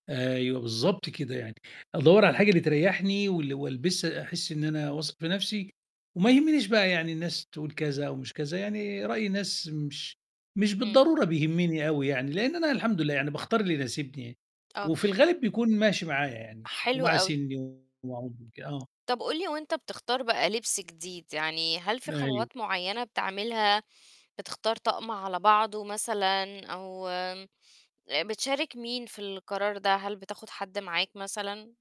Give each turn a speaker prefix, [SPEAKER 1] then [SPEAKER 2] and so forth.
[SPEAKER 1] أيوه بالضبط كده يعني، أدوّر على حاجة بتريّحني وال وألبسها أحس إن أنا واثق في نَفْسي، وما يهمنيش بقى يعني الناس تقُول كذا أومش كذا، يعني رأي الناس مش مش
[SPEAKER 2] إمم.
[SPEAKER 1] بالضرورة بيهمني أوي يعني، لإن أنا الحمد لله يعني باختار اللي يناسبني،
[SPEAKER 2] آه.
[SPEAKER 1] وفي الغالب بيكون ماشي معايا يعني
[SPEAKER 2] حلو
[SPEAKER 1] ومع
[SPEAKER 2] أوي.
[SPEAKER 1] سِنّي و [unintelligible] آه.
[SPEAKER 2] طَب قُل لي وأنت بتختار بقى لِبس جديد يعني هل في
[SPEAKER 1] أيوه.
[SPEAKER 2] خطوات معيّنة بتعملها؟ بتختار طقم على بعضه مثلًا؟ أو بتشارك مين في القرار ده، هل بتاخد حَد معاك مثلًا؟